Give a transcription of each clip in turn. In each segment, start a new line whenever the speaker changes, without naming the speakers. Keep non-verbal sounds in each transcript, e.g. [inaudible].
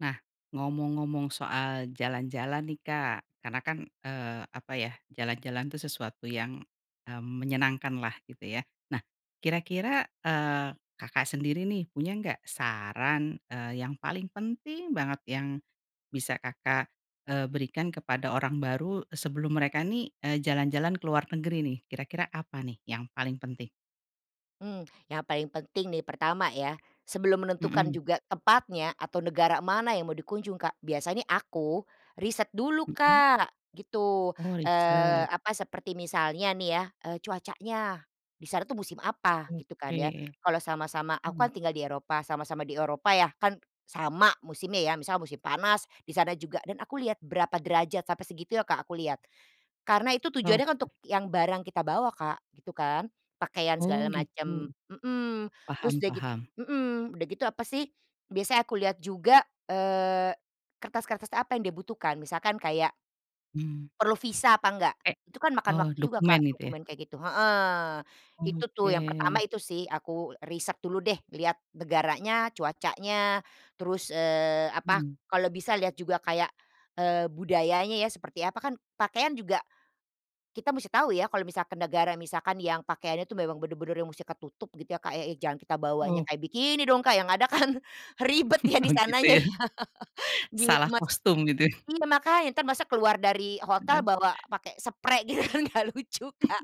Nah, ngomong-ngomong soal jalan-jalan nih Kak karena kan, eee, apa ya jalan-jalan tuh sesuatu yang e menyenangkanlah, gitu ya. Nah, kira-kira, eee, Kakak sendiri nih punya enggak saran, eee, yang paling penting banget yang bisa Kakak, eee, berikan kepada orang baru sebelum mereka nih, eee, jalan-jalan ke luar negeri nih? Kira-kira apa nih yang paling penting?
Mmm, yang paling penting nih, pertama ya. Sebelum menentukan
Hmm.
juga tempatnya atau negara mana yang mau dikunjung Kak, biasa ini aku, riset dulu
Hmm.
Kak, gitu.
Oh
Eee,
riset.
apa, seperti misalnya nih ya, eee, cuacanya, di sana tuh musim apa, gitu kan ya,
Oke.
kalau sama-sama aku kan
hmm.
tinggal di Eropa, sama-sama di Eropa ya kan sama musimnya ya, misalnya musim panas di sana juga dan aku lihat berapa derajat, sampai segitunya Kak aku lihat. Karena itu tujuannya kan
Oke.
untuk yang barang kita bawa Kak, gitu kan. Pakaian
Oh
segala
gitu.
macam, mmm, terus
Paham
udah git
paham.
mmm, udah gitu apa sih, biasanya aku lihat juga, eee, kertas-kertas apa yang dia butuhkan, misalkan kayak
Hmm.
perlu visa apa enggak.
E
Itu kan makan
oh
waktu juga
dokumen
Kak
gitu, ya?
dokumen kayak gitu, heeh. Itu tuh yang
Oke.
pertama itu sih. Aku riset dulu deh. Lihat negaranya, cuacanya, terus, eee, apa,
Hmm.
kalau bisa lihat juga kayak, eee, budayanya ya seperti apa. Kan pakaian juga kita musti tahu ya kalau misalkan negara, misalkan yang pakaiannya tuh memang benar-benar yang mustinya ketutup, gitu ya Kak, e jangan kita bawanya
Oh.
kayak bikini dong Kak, yang ada kan ribet ya di
Oh gitu
sananya
ya.
ya, gitu
Salah
mak
kostum gitu ya.
iya makanya. Entar masa keluar dari hotel
Bener.
bawa pakai seprai gitu kan enggak lucu Kak,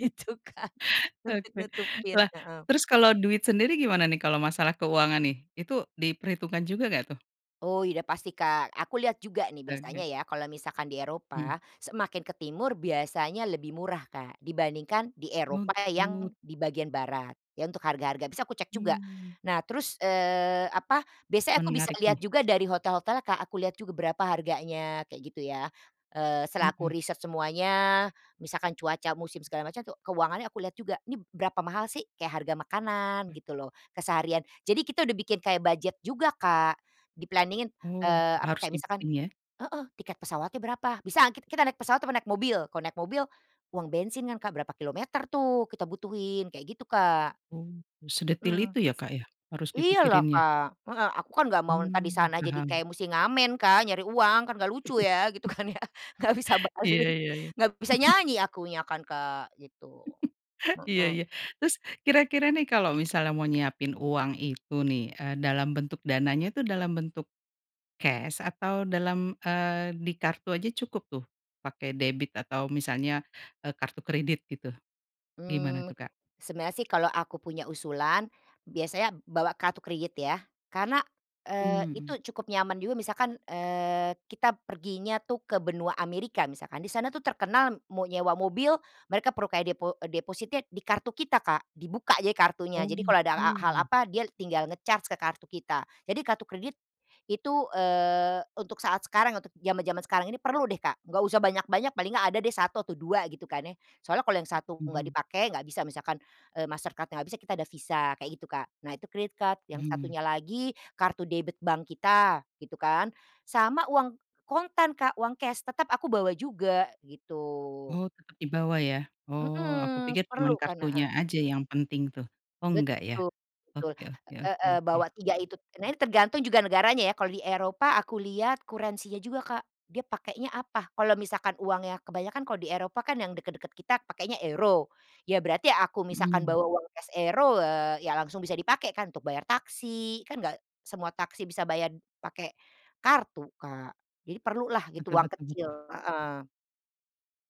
gitu Kak, untuk
Oke,
nutupin,
wah
heeh.
terus kalau duit sendiri gimana nih kalau masalah keuangan, nih? Itu diperhitungkan juga enggak, tuh?
Oh iya udah pasti Kak. Aku lihat juga nih
Ada.
biasanya ya, kalau misalkan di
Hmm.
Eropa semakin ke timur biasanya lebih murah Kak dibandingkan di
Oh,
Eropa yang
gitu.
di bagian barat. Iya untuk harga-harga biasa aku cek juga.
Mmm.
Nah, terus, eee, apa, biasanya aku bisa
Menarik
lihat
nih.
juga dari hotel-hotelnya Kak. Aku lihat juga berapa harganya, kayak gitu ya. Eee, setelah aku
Hmm.
riset semuanya, misalkan cuaca, musim, segala macamnya tuh keuangannya aku lihat juga, "Ini berapa mahal sih?" Kayak harga makanan
Mmm.
gitu loh, keseharian. Jadi kita udah bikin kayak budget juga Kak di-planning-in,
Oh,
eee, apa,
harus
kayak misalkan
dibikin, ya?
heeh, tiket pesawatnya berapa, "Bisa enggak kit kita naik pesawat apa naik mobil." Kalau naik mobil, uang bensin kan Kak berapa kilometer tuh kita butuhin, kayak gitu Kak.
Oh, sedetil
Hmm.
itu ya Kak ya harus
Iyalah
dipikirinnya?
Kak, heeh, aku kan enggak mau entah di
Mmm
sana jadi
paham.
kayak musti ngamen Kak, nyari uang, kan enggak lucu ya, gitu kan ya, enggak bisa
[chuckles] Iya
balik,
iya iya.
enggak bisa
[chuckles]
nyanyi akunya kan Kak, gitu.
[chuckles] Iya
Hmm.
iya terus kira-kira nih kalau misalnya mau nyiapin uang itu nih, eee, dalam bentuk dananya tuh, dalam bentuk kes atau dalam, eee, di kartu aja cukup, tuh? Pakai debit atau misalnya, eee kartu kredit gitu, gimana
Mmm,
tuh, Kak?
sebenarnya sih, kalau aku punya usulan biasanya bawa kartu kredit ya, karena, eee,
Mhm.
itu cukup nyaman juga. Misalkan, eee, kita perginya tuh ke Benua Amerika misalkan. Di sana tuh terkenal mau nyewa mobil mereka perlu kayak depo depositnya di kartu kita Kak. Dibuka jadi kartunya.
Oh
Jadi kalau ada a hal
gitu.
apa dia tinggal nge-charge ke kartu kita. Jadi kartu kredit itu, eee, untuk saat sekarang ya, untuk jaman-jaman sekarang ini perlu deh Kak. Enggak usah banyak-banyak, paling enggak ada deh 1 atau 2, gitu kan ya. Soalnya kalau yang 1 enggak
Hmm.
dipakai, enggak bisa misalkan, eee, MasterCard-nya enggak bisa, kita ada visa, kayak gitu Kak. Nah itu credit card, yang
Hmm.
satunya lagi kartu debit bank kita, gitu kan, sama uang kontan Kak, uang kes tetap aku bawa juga, gitu.
Oh tetap di bawa, ya? Oh, aku
Hmm,
pikir
perlu
cuman
kan,
kartunya
heeh.
aja yang penting tuh. Oh enggak, ya?
Betul betul,
Oke oke oke
heeh,
oke.
bawa dua itu. Nah, ini tergantung juga negaranya ya. Kalau di Eropa aku lihat currency-nya juga Kak. Dia pakainya apa. Kalau misalkan uangnya, kebanyakan kalau di Eropa kan yang dekat-dekat kita pakainya euro ya berarti aku misalkan
Hmm.
bawa uang kes euro, eee, ya langsung bisa dipakai kan untuk bayar taksi, kan enggak semua taksi bisa bayar pakai kartu Kak. Jadi perlulah gitu
Betul
uang
betul
kecil,
betul.
heeh.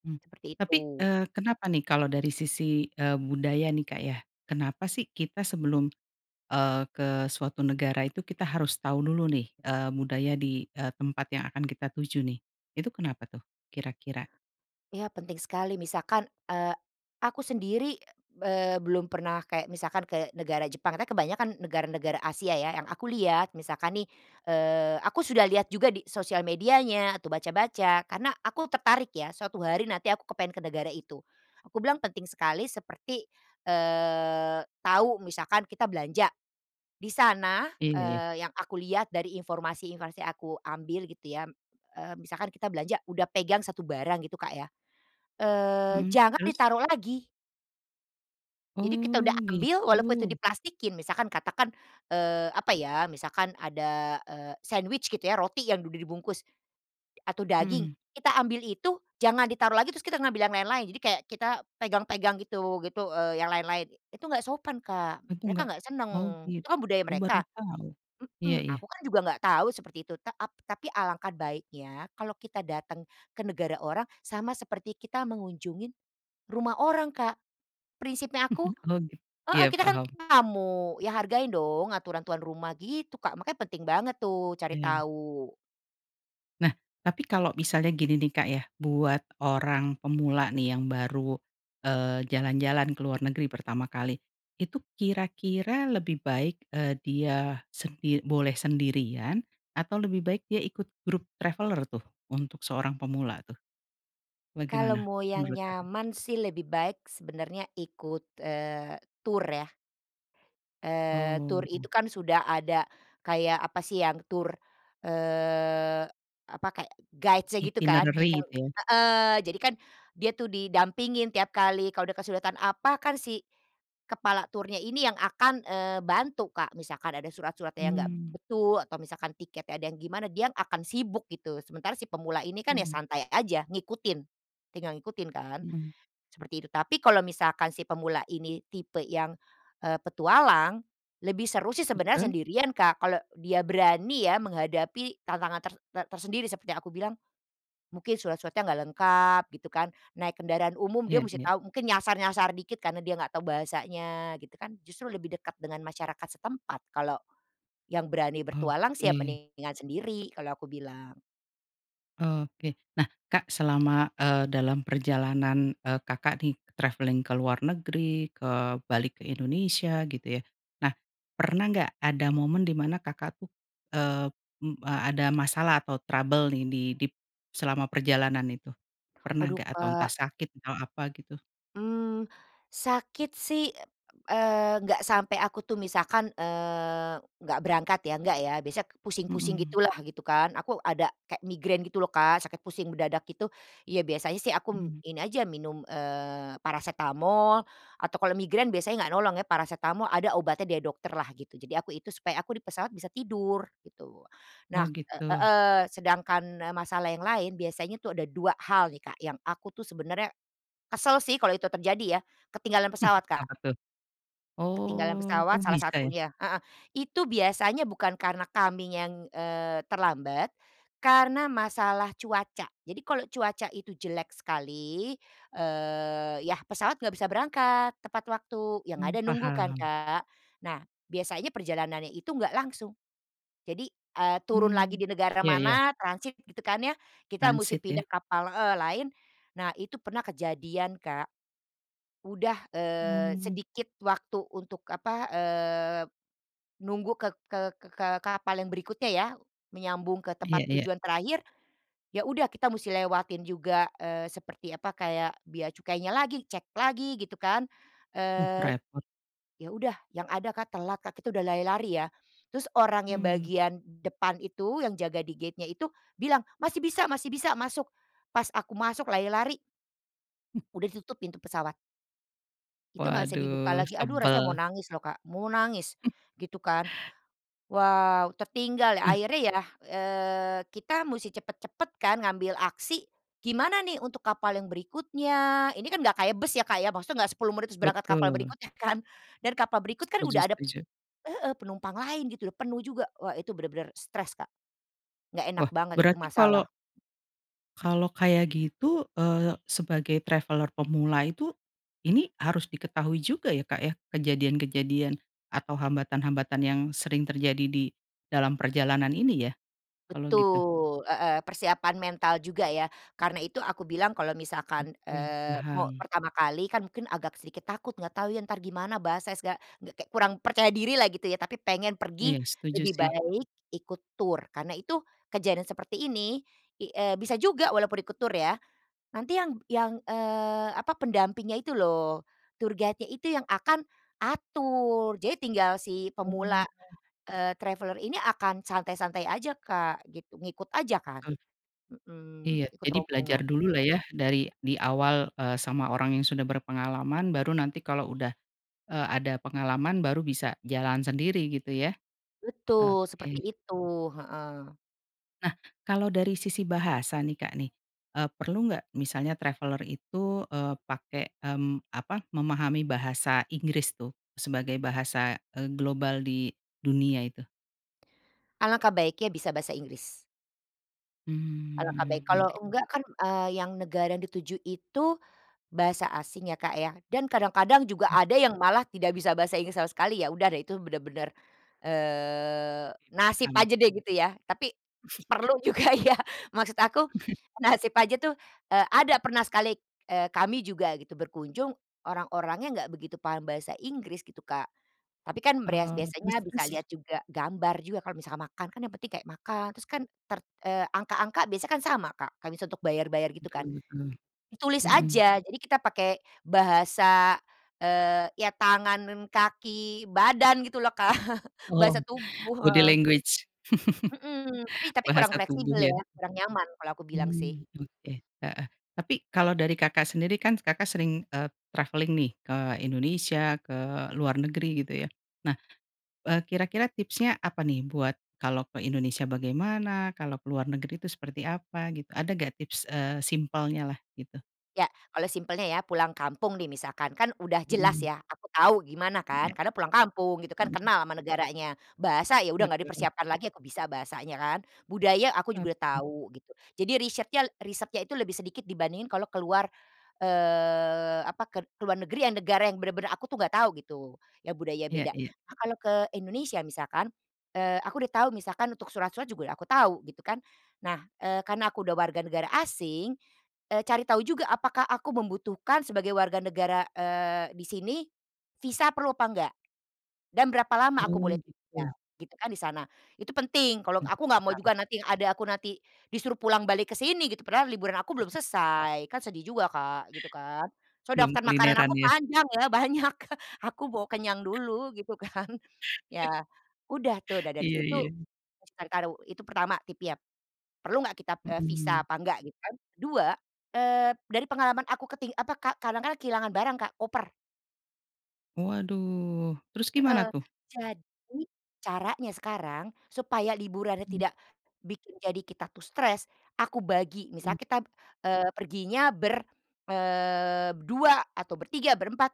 Hmm,
Seperti
tapi,
itu.
eee, kenapa nih kalau dari sisi, eee, budaya nih Kak ya, kenapa sih kita sebelum, eee, ke suatu negara itu kita harus tahu dulu nih, eee, budaya di, eee, tempat yang akan kita tuju nih? Itu kenapa tuh, kira-kira?
Iya penting sekali. Misalkan, eee, aku sendiri, eee, belum pernah kayak misalkan ke negara Jepang, katanya kebanyakan negara-negara Asia ya, yang aku lihat, misalkan nih, eee, aku sudah lihat juga di sosial medianya atau baca-baca karena aku tertarik ya, suatu hari nanti aku kepengen ke negara itu. Aku bilang penting sekali seperti, eee, tahu misalkan kita belanja di sana,
Eh.
eee, yang aku lihat dari informasi-informasi aku ambil, gitu ya, eee, misalkan kita belanja udah pegang 1 barang, gitu Kak ya, eee,
Hmm,
jangan
terus?
ditaruh lagi. Jadi, kita udah
Oh
ambil walaupun itu
gitu.
diplastikin, misalkan katakan, eee, apa ya, misalkan ada, eee, sandwich, gitu ya, roti yang udah dibungkus atau daging,
Hmm.
kita ambil itu jangan ditaruh lagi terus kita ngambil yang lain-lain, jadi kayak kita pegang-pegang gitu gitu, eee, yang lain-lain. Itu enggak sopan Kak.
Mampu
Mereka
enggak?
enggak senang,
Oh git
itu kan budaya
oh baru
mereka
tau. Iya
mmm,
iya.
aku kan juga enggak tahu seperti itu, ta ap tapi alangkah baiknya kalau kita datang ke negara orang sama seperti kita mengunjungin rumah orang Kak. Prinsipnya aku
[chuckles] Oh git
heeh
iya
kita kan
paham.
tamu. Ya hargain dong aturan tuan rumah, gitu Kak, makanya penting banget tuh cari
Iya.
tahu.
Nah, tapi kalau misalnya gini nih Kak ya, buat orang pemula nih yang baru, eee, jalan-jalan ke luar negeri pertama kali, itu kira-kira lebih baik, eee, dia sendi boleh sendirian atau lebih baik dia ikut grup traveller tuh, untuk seorang pemula, tuh?
Kalau
Bagaimana
mau yang
menurut Kakak?
nyaman sih lebih baik sebenarnya ikut, eee, tur ya. Eee, tur
Oh, heeh.
itu kan sudah ada kayak, apa sih, yang tur, eee, apa, kayak guides-nya, gitu kan,
Itinerari
iyau
itu, ya?
heeh. Jadi kan, dia tuh didampingin tiap kali kalau ada kesulitan apa kan si kepala turnya ini yang akan, eee, bantu Kak. Misalkan ada surat-suratnya yang enggak
Mmm.
betul atau misalkan tiketnya ada yang gimana, dia yang akan sibuk, gitu. Sementara si pemula ini kan ya
Hmm.
santai aja ngikutin, tinggal ngikutin kan,
Hmm.
seperti itu, tapi kalau misalkan si pemula ini tipe yang, eee, petualang. Lebih seru sih sebenarnya
Betul.
sendirian Kak, kalau dia berani ya menghadapi tantangan ter ter tersendiri, seperti yang aku bilang mungkin surat-suratnya enggak lengkap, gitu kan, naik kendaraan umum dia
Iya
mesti
iya.
tahu, mungkin nyasar-nyasar dikit karena dia enggak tahu bahasanya, gitu kan, justru lebih dekat dengan masyarakat setempat, kalau yang berani bertualang sih ya
Oke.
mendingan sendiri, kalau aku bilang.
Oke. Nah, Kak selama, eee, dalam perjalanan, eee, Kakak nih travelling ke luar negeri, ke balik ke Indonesia, gitu ya, nah pernah enggak ada momen di mana Kakak tuh, eee, m ada masalah atau trouble nih di dip selama perjalanan itu? Pernah
Waduh
enggak? Atau entah
Kak.
sakit atau apa, gitu?
Mmm, sakit sih, eee, enggak sampai aku tuh. Misalkan, eee, enggak berangkat ya, enggak ya, biasanya ke pusing-pusing
Hmm.
gitulah, gitu kan. Aku ada kayak migrain gitu lho Kak, sakit pusing mendadak, gitu, iya biasanya sih aku m
Hmm.
ini aja minum, eee, parasetamol atau kalau migrain biasanya enggak tolong ya parasetamol, ada obatnya dari dokterlah, gitu. Jadi, aku itu supaya aku di pesawat bisa tidur, gitu. Nah,
Oh
e
gitu.
heeh, sedangkan e masalah yang lain, biasanya tuh ada 2 hal nih Kak yang aku tuh sebenarnya kesel sih kalau itu terjadi ya, ketinggalan pesawat
[chuckles]
Kak.
Apa tuh?
Ketinggalan
Oh,
pesawat
oh
salah
bisa, ya?
satunya. Heeh. Itu biasanya bukan karena kaminya yang, eee, terlambat karena masalah cuaca. Jadi, kalau cuaca itu jelek sekali, eee, iya pesawat enggak bisa berangkat tepat waktu, yang
Mmm
ada nunggu kan
paham.
Kak? Nah, biasanya perjalanannya itu enggak langsung, jadi, eee, turun lagi
Mmm
di negara
iya iya.
mana transit, gitu kan ya, kita musti
Transit ya?
pindah kapal heeh, lain. Nah, itu pernah kejadian Kak. Udah, eee,
Mmm.
sedikit waktu untuk apa, eee, nunggu ke ke ke ke kapal yang berikutnya ya, menyambung ke tempat
Iya iya.
tujuan terakhir, ya udah kita musti lewatin juga, eee, seperti apa kayak bea cukainya lagi, cek lagi, gitu kan,
Mmm,
eee,
repot.
ya udah, yang ada Kak telat Kak. Kita udah lari-lari ya terus orang yang
Mmm.
bagian depan itu, yang jaga di gate-nya itu bilang, "Masih bisa, masih bisa, masuk!" Pas aku masuk lari-lari
Mmm.
udah ditutup pintu pesawat. Itu enggak bisa dibuka
Waduh
lagi. Aduh rasanya mau
sebel.
nangis loh Kak, mau nangis,
[chuckles]
gitu kan. Wow, tertinggal ya,
Nah
akhirnya ya, eee, kita musti cepat-cepat kan ngambil aksi, "Gimana nih untuk kapal yang berikutnya?" Ini kan enggak kayak bus ya Kak ya, maksudnya enggak 10 menit terus berangkat kapal
Betul
berikutnya kan dan kapal berikut kan
Setuju
udah ada
setuju.
heeh, penumpang lain gitu, udah penuh juga. Wah itu benar-benar stres Kak. Enggak enak
Wah
banget itu
berarti kalau
masalah.
Kalau kayak gitu, eee, sebagai traveller pemula itu, ini harus diketahui juga, ya Kak ya, kejadian-kejadian atau hambatan-hambatan yang sering terjadi di dalam perjalanan ini, ya? Kalau gitu.
Betul. Heeh. Persiapan mental juga ya karena itu aku bilang kalau misalkan,
Oke
eee, mau
paham.
pertama kali kan mungkin agak sedikit takut, enggak tahu ya entar gimana, bahasa esga g kayak kurang percaya dirilah, gitu ya, tapi pengen pergi.
Iya setuju
Lebih
sih.
baik ikut tur karena itu kejadian seperti ini i eee, bisa juga walaupun ikut tur ya, nanti yang yang, eee, apa, pendampingnya itu loh, tour guide-nya itu yang akan atur, jadi tinggal si
Oh
pemula,
gitu.
eee, traveller ini akan santai-santai aja Kak, gitu, ngikut aja kan.
Betul.
Hmm,
Iya.
ikut
Jadi belajar
rombongan.
dululah ya dari, di awal, eee, sama orang yang sudah berpengalaman baru nanti kalau udah, eee, ada pengalaman baru bisa jalan sendiri gitu, ya?
Betul seperti
Oke.
itu, heeh.
Nah, kalau dari sisi bahasa nih Kak nih, eee, perlu enggak misalnya traveller itu, eee, pakai, mmm, apa, memahami bahasa Inggris tuh sebagai bahasa, eee, global di dunia itu?
Alangkah baiknya bisa bahasa Inggris. Alangkah baik,
Mmm
kalau
oke.
enggak kan, eee, yang negara dituju itu bahasa asing, ya Kak ya, dan kadang-kadang juga
Mmm.
ada yang malah tidak bisa bahasa Inggris sama sekali, ya udah deh itu benar-benar, eee,
Iya
nasib
paham.
aja deh gitu ya, tapi
[chuckles]
perlu juga ya. Maksud aku
[chuckles]
nasib aja tuh, eee, ada pernah sekali, eee, kami juga gitu berkunjung orang-orangnya enggak begitu paham bahasa Inggris gitu Kak, tapi kan breas
Oh, terus
biasanya bisa
terus.
lihat juga gambar juga. Kalau misalkan makan kan yang penting kayak makan, terus kan ter eee, angka-angka biasanya kan sama Kak. Kayak misalnya untuk bayar-bayar, gitu
Betul
kan.
betul.
Ditulis
Hmm.
aja, jadi kita pakai bahasa, eee, iya tangan dan kaki, badan, gitu lho Kak [chuckles]
Oh,
bahasa tubuh,
body
heeh.
language?
Hmm, tapi
[chuckles]
tapi kurang
bahasa tubuh,
fleksibel
ya?
ya, kurang nyaman, kalau aku bilang sih.
Mmm, oke oke, heeh, tapi kalau dari Kakak sendiri kan Kakak sering, eee, travelling nih ke Indonesia, ke luar negeri, gitu ya. Nah, eee, kira-kira tipsnya apa nih? Buat kalau ke Indonesia bagaimana? Kalau ke luar negeri itu seperti apa? Gitu, ada enggak tips, eee, simpelnyalah, gitu?
Iya. Kalau simpelnya ya pulang kampung nih, misalkan, kan udah jelas
Hmm.
ya aku tahu gimana kan
Iya.
karena pulang kampung, gitu kan,
Hmm.
kenal sama negaranya, bahasa? Ya udah enggak
Betul.
dipersiapkan
[chuckles]
lagi aku bisa bahasanya kan, budaya? Aku juga udah
Oke.
tahu, gitu. Jadi risyretnya risetnya itu lebih sedikit dibandingin kalau keluar, eee, apa, kel keluar negeri yang negara yang benar-benar aku tuh enggak tahu gitu, ya budaya
Iya
beda.
iya.
Nah, kalau ke Indonesia misalkan, eee, aku udah tahu misalkan untuk surat-surat juga udah aku tahu, gitu kan. Nah, eee, karena aku udah warga negara asing, eee, cari tahu juga apakah aku membutuhkan sebagai warga negara, eee, di sini visa perlu apa enggak dan berapa lama aku boleh
Oh
tinggal,
gitu.
gitu kan, di sana. Itu penting, kalau
Mmm
aku enggak mau
paham.
juga nanti yang ada aku nanti disuruh pulang balik ke sini, gitu, padahal liburan aku belum selesai, kan sedih juga Kak, gitu kan. Soalnya
Belum
daftar makanan
kulineran,
aku
ya?
panjang ya, banyak [chuckles] aku mau kenyang
[chuckles]
dulu, gitu kan. Ya
[chuckles]
udah tuh, udah dari
Iya
situ,
iya.
misalkan karo itu pertama tipsnya. Perlu enggak kita, e visa
Hmm.
apa enggak, gitu kan. Ke-2, eee dari pengalaman aku keting apa, Kak, kadang kan kehilangan barang Kak, koper.
Oh aduh, terus gimana,
Heeh.
tuh?
Jadi, caranya sekarang supaya liburannya
Mmm.
tidak bikin jadi kita tuh stres, aku bagi.
Mmm.
Misalnya kita, eee, perginya ber, eee, berdua, atau bertiga, berempat.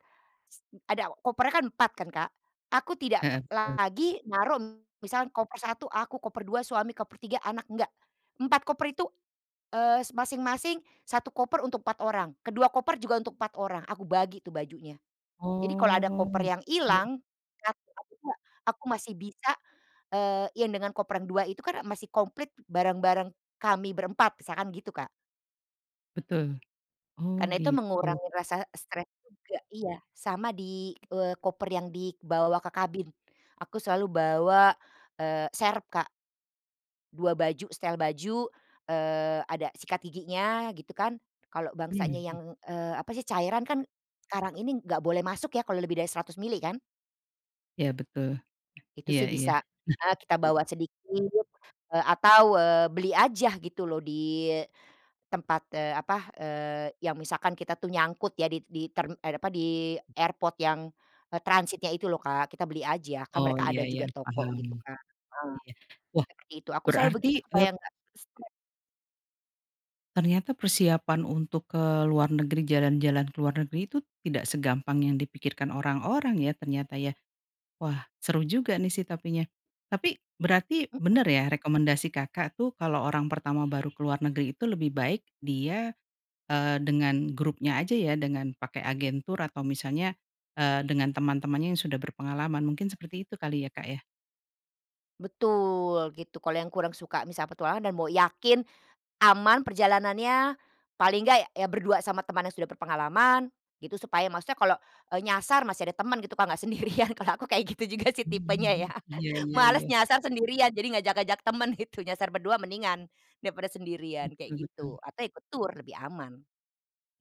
S ada kopernya kan 4 kan Kak, aku tidak
Heeh, betul.
lagi naruh, misalnya koper satu aku, koper dua suami, koper tiga anak, enggak. 4 koper itu, eee, s masing-masing 1 koper untuk 4 orang, ke 2 koper juga untuk 4 orang, aku bagi tuh bajunya. Jadi kalau ada
Oh
koper yang
gitu.
hilang 1 atau 2 aku masih bisa, eee, yang dengan koper yang 2 itu kan a masih komplit barang-barang kami berempat, misalkan gitu Kak.
Betul. Oh
Karena itu
gitu.
mengurangi rasa stres juga. Iya. Sama di, eee, koper yang dibawa ke kabin, aku selalu bawa, eee, serep Kak 2 baju setel baju, eee, ada sikat giginya, gitu kan, kalau bangsanya,
Mhm.
yang, eee, apa sih, cairan kan sekarang ini enggak boleh masuk ya kalau lebih dari 100 mililiter kan?
Iya betul.
Itu
Iya
sih
iya.
bisa, eh, kita
Nah
bawa sedikit, eee, atau, eee, beli aja gitu lho di tempat, eee, apa, eee, yang misalkan kita tuh nyangkut ya di di term eh, di apa, di airport yang e transitnya itu lho Kak, kita beli aja, kan
Oh
mereka
iya
ada
iya
juga toko,
paham.
gitu Kak. Heeh,
iya, wah
seperti itu, aku selalu
berarti
begitu
e
supaya nggak stres.
Ternyata persiapan untuk ke luar negeri, jalan-jalan ke luar negeri itu tidak segampang yang dipikirkan orang-orang ya, ternyata ya. Wah seru juga nih sih tapinya, tapi berarti
Hmm.
benar ya rekomendasi Kakak tuh kalau orang pertama baru keluar negeri itu lebih baik dia, eee, dengan grupnya aja, ya? Dengan pakai agen tur atau misalnya, eee, dengan teman-temannya yang sudah berpengalaman, mungkin seperti itu kali ya Kak, ya?
Betul, gitu. Kalau yang kurang suka, misalnya petualangan dan mau yakin aman perjalanannya paling enggak ya berdua sama teman yang sudah berpengalaman, gitu, supaya maksudnya kalau e nyasar masih ada teman, gitu Kak, enggak sendirian kalau aku kayak gitu juga sih tipenya ya
Mhm, iya
[laughs]
iya
malas
iya.
nyasar sendirian jadi ngajak-ngajak temen itu nyasar berdua mendingan daripada sendirian, kayak
Betul betul.
gitu, atau ikut tur lebih aman.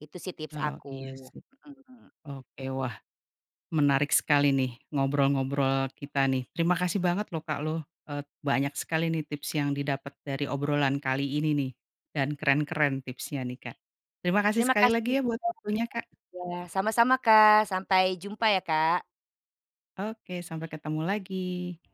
Itu sih tips
Oh iya
aku.
sih.
Hmm.
Oke, wah menarik sekali nih ngobrol-ngobrol kita nih. Terima kasih banget lho Kak loh, et banyak sekali nih tips yang didapat dari obrolan kali ini nih dan keren-keren tipsnya nih Kak. Terima kasih
Terima
sekali
kasih
lagi
juga
ya
Kak.
buat waktunya Kak.
Iya, sama-sama Kak. Sampai jumpa ya Kak.
Oke sampai ketemu lagi.